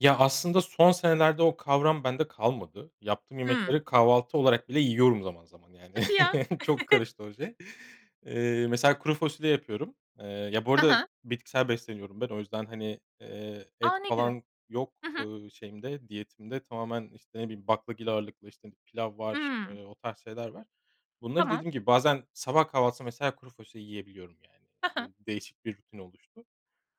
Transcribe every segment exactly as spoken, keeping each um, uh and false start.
Ya, aslında son senelerde o kavram bende kalmadı. Yaptığım Hıı. yemekleri kahvaltı olarak bile yiyorum zaman zaman yani. Hadi ya! Çok karıştı o şey. Iıı, mesela kuru fasulye yapıyorum. Iıı, ya bu Hı arada hı. bitkisel besleniyorum ben o yüzden hani, ııı, A! et Ne güzel. falan yok, Hı hı. ııı, şeyimde diyetimde tamamen, işte, ne bileyim baklagil ağırlıklı, işte, pilav var, Hımm. ııı, o tarz şeyler var. Bunları Tamam. dediğim gibi bazen sabah kahvaltısında mesela kuru fasulye yiyebiliyorum yani Hı hı. de değişik bir rutin oluştu.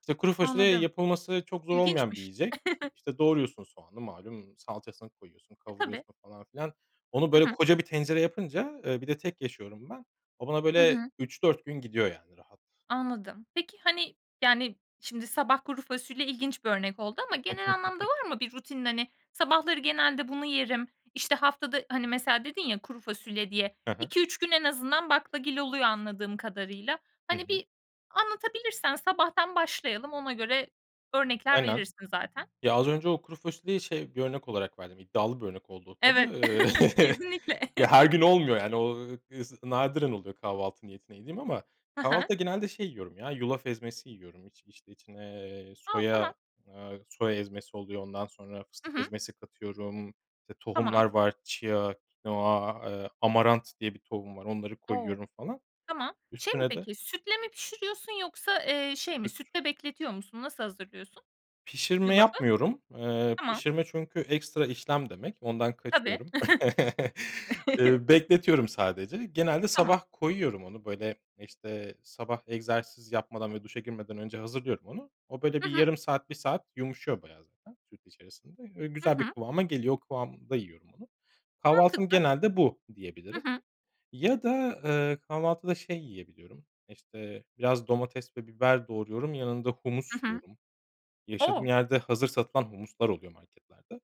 İşte kuru fasulye Anladım. yapılması çok zor olmayan bir İlginçmiş. yiyecek. İşte doğruyorsun soğanı malum salçasını koyuyorsun E, tabii. kavuruyorsun falan filan. Onu Hı böyle hı. koca bir tencere yapınca, eee, bir de tek yaşıyorum ben. O bana Hı böyle hı. üç dört gün gidiyor yani rahat. Anladım. Peki, hani, yani şimdi sabah kuru fasulye ilginç bir örnek oldu ama genel anlamda var mı bir rutinin hani sabahları genelde bunu yerim, işte haftada hani, mesela dedin ya kuru fasulye diye, Hı hı. iki üç gün en azından baklagil oluyor anladığım kadarıyla. Hı Hani hı. bir anlatabilirsen sabahtan başlayalım ona göre örnekler Aynen. verirsin zaten. Ya, az önce o kuru fasulyeyi şey bir örnek olarak verdim iddialı bir örnek oldu o Evet, tabii. kesinlikle. Ya, her gün olmuyor yani o is nadiren oluyor kahvaltı niyetine yediğim ama Hı hı. kahvaltıda genelde şey yiyorum ya yulaf ezmesi yiyorum. İç işte içine, eee, A! Tamam. soya, aaa, soya ezmesi oluyor. Ondan sonra Hı fıstık hı. ezmesi katıyorum. İşte Tamam. tohumlar var. Chia, kinoa, ııı, amaranth diye bir tohum var. Onları O! koyuyorum falan. Tamam, şey mi Üstüne de peki sütle mi pişiriyorsun yoksa, ııı, şey mi [unintelligible] sütle bekletiyor musun nasıl hazırlıyorsun? Pişirme Yulafı? yapmıyorum, ııı, Tamam. pişirme çünkü ekstra işlem demek ondan Tabii. kaçıyorum. Iıı, bekletiyorum sadece genelde Tamam. sabah koyuyorum onu böyle işte sabah egzersiz yapmadan ve duşa girmeden önce hazırlıyorum onu. O böyle Hı bir hı. yarım saat, bir saat yumuşuyor bayağı zaten süt içerisinde, ö Hı güzel bir hı. kıvama geliyor. O kıvamda yiyorum onu. Kahvaltım Mantıklı. genelde bu Hı diyebilirim hı. ya da, ııı, kahvaltıda şey yiyebiliyorum işte biraz domates ve biber doğruyorum yanında Hı humus hı. yiyorum. Yaşadığım O! yerde hazır satılan humuslar oluyor marketlerde.